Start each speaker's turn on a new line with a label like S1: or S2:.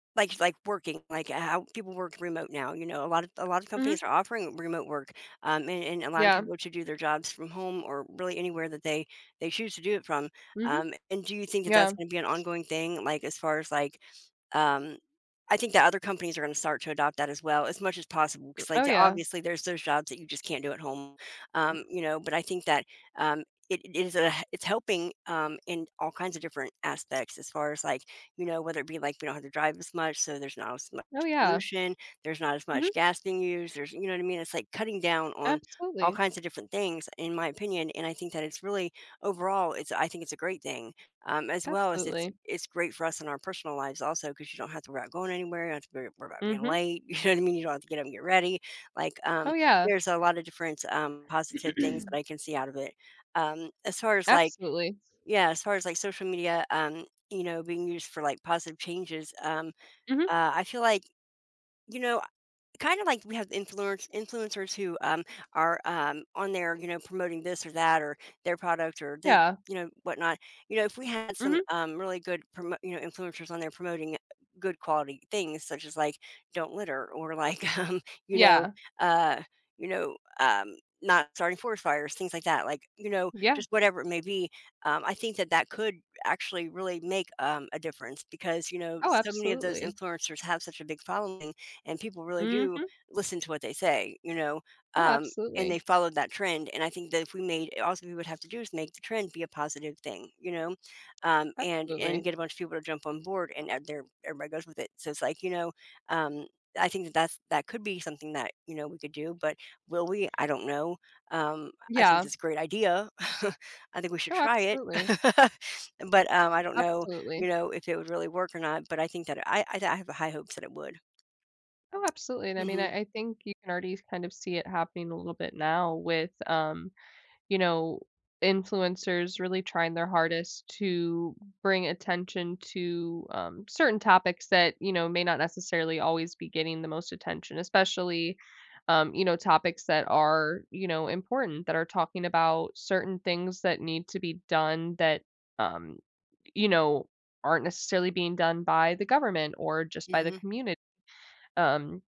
S1: Like like, working like, h how people work remote now, you know, a lot of a lot of
S2: Mhm.
S1: companies are offering remote work, um, and and allowing
S2: Yeah.
S1: people to do their jobs from home, or really anywhere that they they choose to do it from.
S2: Mhm.
S1: Um, and do you think it that's
S2: Yeah.
S1: gonna be an ongoing thing, like, as far as, like, um I think the other companies are gonna start to adopt that as well, as much as possible,
S2: M
S1: 'cause, like,
S2: oh,
S1: the
S2: yeah.
S1: obviously, there's those jobs that you just can't do at home, um, you know, but I think that, um, it is a it's helping, um, in all kinds of different aspects, as far as, like, you know, whether it be like we don't have to drive as much, so there's not as much
S2: Oh, yeah.
S1: pollution, there's not as
S2: Mhm.
S1: much gas being used, there's you know what I mean? It's, like, cutting down on all
S2: Absolutely.
S1: kinds of different things, in my opinion, and I think that it's really, overall it's I think it's a great thing, um, as well as it's
S2: Absolutely.
S1: it's great for us in our personal lives also, 'cause you don't have to worry about going anywhere, you don't have to worry worry about being
S2: Mhm.
S1: late, you know what I mean? You don't have to get up and get ready. Like, um,
S2: Oh, yeah.
S1: there's a lot of different, um, positive things that I can see out of it. Um, as far as, like
S2: Absolutely.
S1: Yeah, as far as, like, social media, um, you know, being used for, like, positive changes, um,
S2: Mhm.
S1: uh, I feel like, you know, I kind of like we have the influence influencers who, um, are, um, on there, you know, promoting this or that, or their product, or the
S2: Yeah.
S1: you know, whatnot, you know, if we had some,
S2: Mhm
S1: um, really good promo you know, influencers on there promoting good quality things, such as, like, "Don't litter," or, like, um, you know,
S2: Yeah.
S1: uh, you know, um, not starting forest fires, things like that, like, you know,
S2: Yeah.
S1: just whatever it may be, um, I think that that could actually really make, um, a difference, because, you know,
S2: Oh,
S1: so many of those
S2: absolutely.
S1: influencers have such a big following, and people really do
S2: Mhm.
S1: listen to what they say, you know,
S2: Oh,
S1: um, and they
S2: absolutely.
S1: followed that trend, and I think that if we made a all's we would have to do is make the trend be a positive thing, you know, um, and and
S2: Absolutely.
S1: get a bunch of people to jump on board, and, uh, they're everybody goes with it, so it's, like, you know um, I think that that's that could be something that, you know, we could do, but will we? I don't know. Um, I I think
S2: Yeah.
S1: it's a great idea. I think we should
S2: Oh,
S1: try it.
S2: absolutely.
S1: But, um, I don't know,
S2: Absolutely.
S1: you know, if it would really work or not, but I think that I I I have the high hopes that it would.
S2: Oh, absolutely, and I mean,
S1: Mhm.
S2: I I think you can already kind of see it happening a little bit now with, um, you know, influencers really trying their hardest to bring attention to, um, certain topics that, you know, may not necessarily always be getting the most attention, especially, um, you know, topics that are, you know, important, that are talking about certain things that need to be done that, um, you know, aren't necessarily being done by the government, or just by the
S1: Mhm.
S2: community. Um